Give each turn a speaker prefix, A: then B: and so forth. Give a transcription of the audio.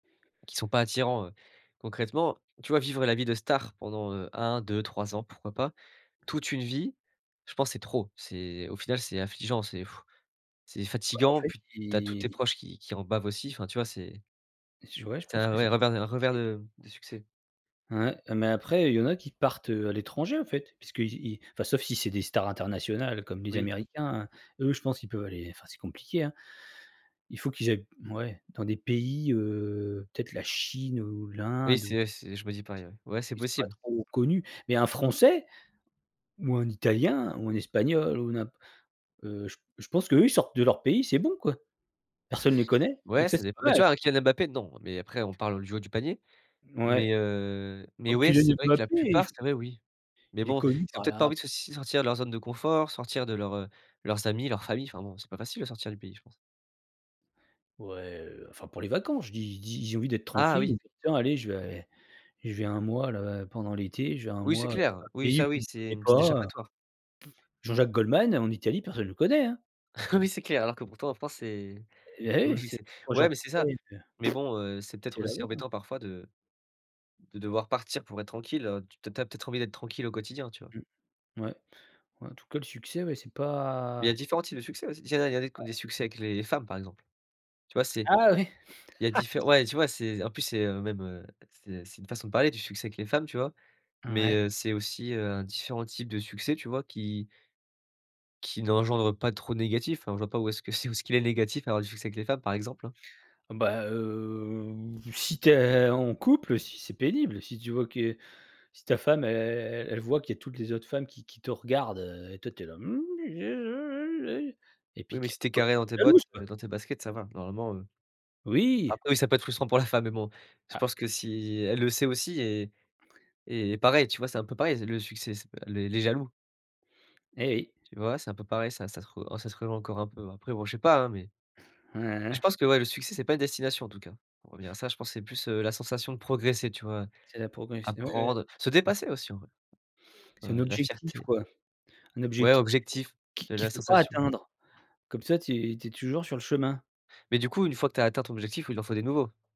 A: Qui sont pas attirants, heu, concrètement, tu vois, vivre la vie de star pendant, heu, 1-2-3 ans, pourquoi pas? Toute une vie, je pense c'est trop. C'est au final, c'est affligeant, c'est c'est
B: Bah en
A: fatigant.
B: fait
A: Puis tu as tous tes
B: i
A: proches qui qui en bavent aussi. Enfin tu vois c'est
B: Et ce ouais, je
A: c'est
B: pense
A: un
B: que c'est
A: reverebenien un revers
B: [unintelligible]
A: de de succès.
B: Ouais, ah mais après, heu, il y en a qui partent, heu, à l'étranger en fait, parce que i i enfin sauf si c'est des stars internationales comme les
A: Oui.
B: Américains, eux, je pense qu'ils peuvent aller fin c'est compliqué hein. Il faut qu'ils ai ouais dans des pays, heu, peut-être la Chine ou
A: Oui,
B: l'Inde ou
A: c'est c'est je me dis pareil, ouais. Ouais c'est
B: ils sont pas
A: possible.
B: trop connus, mais un Français ou un Italien ou un Espagnol ou n'imp heu, j je pense que eux ils sortent de leur pays, c'est bon quoi. Personne les connaît donc
A: Ouais,
B: ça
A: ça
B: c'est
A: dépend,
B: pas
A: bah, tu
B: mal.
A: vois, un Kylian Mbappé, non, mais après on parle du haut du panier, mais
B: Ouais.
A: heu, mais
B: Oh
A: ouais,
B: Kylian
A: c'est vrai que
B: Mbappe
A: la
B: il
A: plupart,
B: f
A: c'est vrai, oui, mais
B: il est
A: bon,
B: connu
A: ils ont
B: par les
A: peut-être pas
B: rap
A: envie de si de sortir de leur zone de confort, sortir de leurs, heu, de leurs amis, leur famille. Enfin bon, c'est pas facile de sortir du pays je pense.
B: Ouais, heu, enfin pour les vacances, je dis je dis: «J'ai envie d'être
A: Ah
B: tranquille.
A: oui.
B: Oh bah tiens allez, je vais je vais 1 mois là pendant l'été, je vais 1
A: Oui, c'est
B: mois,
A: clair. Oui,
B: pays où
A: ça
B: on
A: oui,
B: me
A: c'est
B: connaît
A: une petite
B: pas, heu»
A: échappatoire.
B: Jean-Jacques Goldman en Italie personne le connaît hein!
A: Oui, c'est clair, alors que pourtant en France, c'est
B: Eh bah
A: un gros
B: oui c'est.
A: succès. Ouais, mais c'est ça,
B: [unintelligible]
A: mais bon, heu, c'est
B: Habiter
A: peut-être aussi
B: là-bas, hein.
A: embêtant parfois de de devoir partir pour être tranquille, heu, tu tu as peut-être envie d'être tranquille au quotidien, tu vois?
B: Mmh ouais, en tout cas le succès, ouais c'est
A: Il y a
B: pas
A: différents types de succès aussi. Il en a il y en a des
B: [unintelligible]
A: succès avec les femmes par exemple. Tu vois, c'est
B: Ah ouais. Ah
A: il y a
B: oui.
A: différe ouais tu vois, c'est en plus c'est, heu, même, heu, c'est c'est une façon de parler du succès avec les femmes, tu vois, mais
B: Ouais.
A: heu, c'est aussi, heu, différents types de succès, tu vois, qui qui n'engendrent pas trop de négatif, enfin je vois pas où est-ce que c'est où ce qu'il est négatif à avoir du succès avec les femmes, par exemple, hein.
B: Bah, heu, si tu es en couple, si c'est pénible. Si tu vois que si ta femme, e e elle voit qu'il y toutes les autres femmes qui qui te regardent, heu, et toi tu es là: et
A: Oui,
B: puis
A: mais
B: que
A: si tu es
B: pas
A: carré
B: qu'elle
A: dans
B: soit
A: tes bottes,
B: jalouse, quoi.
A: heu, dans tes baskets, ça va normalement, heu,
B: Oui!
A: après oui, ça peut être frustrant pour la femme, mais bon, je
B: Ah
A: pense que si elle le sait aussi et et pareil, tu vois, c'est un peu pareil, le succès, c heu, le les jaloux.
B: Et oui.
A: Tu vois, c'est un peu pareil, ça ça se rej un ça se rejoint encore un peu ouais. Après, bon, je sais pas, hein, mais mais
B: Ouais, ouais,
A: je
B: ouais.
A: pense que ouais, le succès, c'est pas une destination en tout cas. Pour revenir à ça, je pense que c'est plus, heu, la sensation de progresser, tu vois?
B: C'est la procrastine ouais, ouais.
A: Apprendre, se dépasser aussi en vrai,
B: C'est un
A: heu, la
B: objectif
A: fierté
B: quoi, un
A: Ouais,
B: object
A: objectif,
B: qui
A: de
B: qu'il
A: la
B: faut pas
A: sensation
B: atteindre comme ça, tu es tu es toujours sur le chemin.
A: Mais du coup, une fois que tu as atteint ton objectif, il en faut des nouveaux.